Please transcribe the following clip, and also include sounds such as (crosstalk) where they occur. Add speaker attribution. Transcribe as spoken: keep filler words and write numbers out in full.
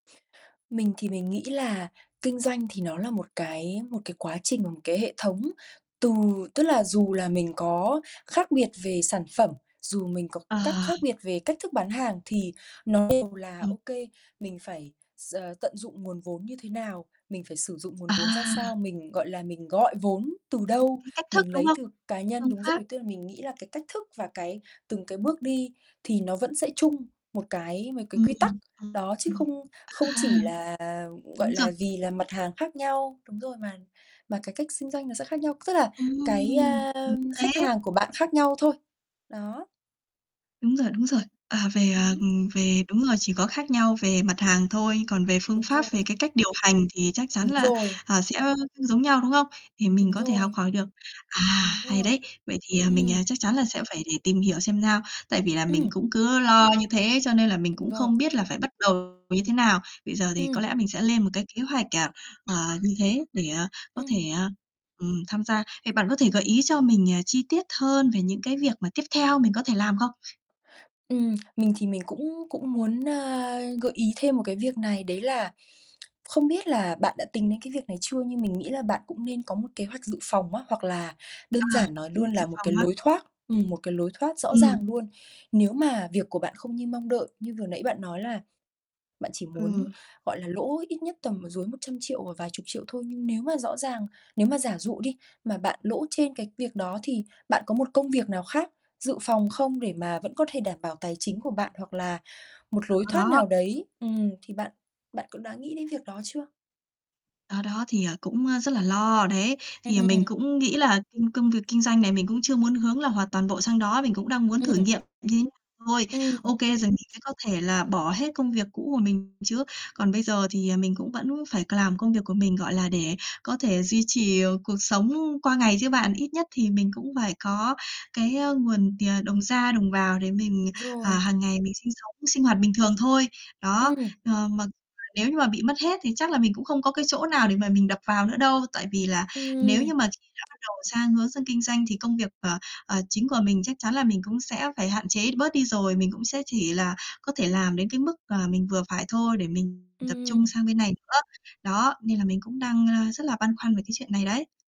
Speaker 1: Mình thì mình nghĩ là kinh doanh thì nó là một cái một cái quá trình, cái hệ thống từ tức là dù là mình có khác biệt về sản phẩm, dù mình có
Speaker 2: Ờ.
Speaker 1: cắt khác biệt về cách thức bán hàng thì nó đều là
Speaker 2: Ừm.
Speaker 1: OK mình phải s tận dụng nguồn vốn như thế nào, mình phải sử dụng nguồn vốn ra
Speaker 2: À.
Speaker 1: sao, mình, gọi là, mình gọi vốn từ
Speaker 2: Cái
Speaker 1: đâu
Speaker 2: cái cách thức,
Speaker 1: mình
Speaker 2: đúng
Speaker 1: lấy
Speaker 2: không?
Speaker 1: từ cá nhân
Speaker 2: Phương
Speaker 1: đúng
Speaker 2: pháp.
Speaker 1: rồi, tức là mình nghĩ là cái cách thức và cái từng cái bước đi thì nó vẫn sẽ chung một cái mấy cái
Speaker 2: Ừm,
Speaker 1: quy tắc.
Speaker 2: ừm,
Speaker 1: Đó, chứ
Speaker 2: ừm.
Speaker 1: không không
Speaker 2: À!
Speaker 1: chỉ là gọi
Speaker 2: Đúng rồi.
Speaker 1: là, vì là mặt hàng khác nhau, đúng rồi, mà mà cái cách xinh doanh nó sẽ khác nhau. Tức là cái,
Speaker 2: Ừm,
Speaker 1: a,
Speaker 2: đúng
Speaker 1: khách
Speaker 2: thế!
Speaker 1: hàng của bạn khác nhau thôi. Đó.
Speaker 2: Đúng rồi, đúng rồi. À, về,
Speaker 1: Ừm
Speaker 2: à,
Speaker 1: hứm.
Speaker 2: ừm, về đúng rồi, chỉ có khác nhau về mặt hàng thôi, còn về phương
Speaker 1: Đúng
Speaker 2: pháp, về
Speaker 1: rồi.
Speaker 2: cái cách điều hành thì chắc chắn
Speaker 1: Đúng
Speaker 2: là,
Speaker 1: rồi.
Speaker 2: à, sẽ, ơ, giống nhau, đúng không? Thì mình
Speaker 1: Đúng
Speaker 2: có thể học
Speaker 1: rồi.
Speaker 2: hỏi được. À,
Speaker 1: Đúng
Speaker 2: hay
Speaker 1: rồi.
Speaker 2: đấy. Vậy thì, ờ, mình, ờ,
Speaker 1: Ừm.
Speaker 2: chắc chắn là sẽ phải để tìm hiểu xem sao. Tại vì là mình
Speaker 1: Ừm.
Speaker 2: cũng cứ lo như thế cho nên là mình
Speaker 1: Đúng
Speaker 2: cũng
Speaker 1: rồi.
Speaker 2: không biết là phải bắt đầu như thế nào. Bây giờ thì có
Speaker 1: Ừm.
Speaker 2: lẽ mình sẽ lên một cái kế hoạch, à, ờ, như thế để, ờ, có
Speaker 1: Ừm.
Speaker 2: thể, ờ, ừm, tham gia. Vậy bạn có thể gợi ý cho mình, à, chi tiết hơn về những cái việc mà tiếp theo mình có thể làm không?
Speaker 1: Ừm, mình thì mình cũng cũng muốn, a, gợi ý thêm một cái việc này đấy là (tsk) không biết là bạn đã tính đến cái việc này chưa nhưng mình nghĩ là bạn cũng nên có một kế hoạch dự phòng á, hoặc là
Speaker 2: À,
Speaker 1: đơn giản nói
Speaker 2: kế
Speaker 1: luôn
Speaker 2: hoạch dự
Speaker 1: là một
Speaker 2: phòng
Speaker 1: cái
Speaker 2: á.
Speaker 1: lối thoát ừm, một cái lối thoát rõ
Speaker 2: Ừm.
Speaker 1: ràng luôn. Nếu mà việc của bạn không như mong đợi như vừa nãy bạn nói là bạn chỉ muốn,
Speaker 2: Ờ.
Speaker 1: gọi là, lỗ ít nhất mà tầm dưới một trăm triệu và vài chục triệu thôi, nhưng nếu mà rõ ràng nếu mà giả dụ đi mà bạn lỗ trên cái việc đó thì bạn có một công việc nào khác dự phòng không? Để mà vẫn có thể đảm bảo tài chính của bạn hoặc là một
Speaker 2: Đó,
Speaker 1: lối thoát
Speaker 2: đó.
Speaker 1: nào đấy, ừm, thì bạn bạn cũng đã nghĩ đến việc đó chưa?
Speaker 2: Đó đó thì, ờ, cũng, a, rất là lo, đấy. Thì, ờ, mình
Speaker 1: Ừm.
Speaker 2: cũng nghĩ là kinh công việc kinh doanh này mình cũng chưa muốn hướng là hoàn toàn bộ sang đó, mình cũng đang muốn
Speaker 1: Ừm.
Speaker 2: thử nghiệm nghế thôi.
Speaker 1: Ừm.
Speaker 2: OK, rồi mình sẽ có thể là bỏ hết công việc cũ của mình chứ. Còn bây giờ thì, à, mình cũng vẫn phải c làm công việc của mình, gọi là, để có thể duy trì, ờ, cuộc sống qua ngày chứ bạn, ít nhất thì mình cũng phải có cái á nguồn tiền, đồng ra đồng vào để mình, à,
Speaker 1: Rồi.
Speaker 2: hàng ngày mình sinh sống, sinh hoạt bình thường thôi. Đó,
Speaker 1: Ừm.
Speaker 2: ờ, mà (unintelligible) nếu như mà bị mất hết thì chắc là mình cũng không có cái chỗ nào để mà mình đập vào nữa đâu. Tại vì là nếu
Speaker 1: Ừm.
Speaker 2: như mà khi đã bắt đầu sang hướng sang kinh doanh thì công việc, ờ, ờ, chính của mình chắc chắn là mình cũng sẽ phải hạn chế bớt đi rồi, mình cũng sẽ chỉ là có thể làm đến cái mức, à, mình vừa phải thôi để mình tập
Speaker 1: Ừm.
Speaker 2: trung sang bên này nữa. Đó, nên là mình cũng đang, a, rất là băn khoăn về cái chuyện này đấy.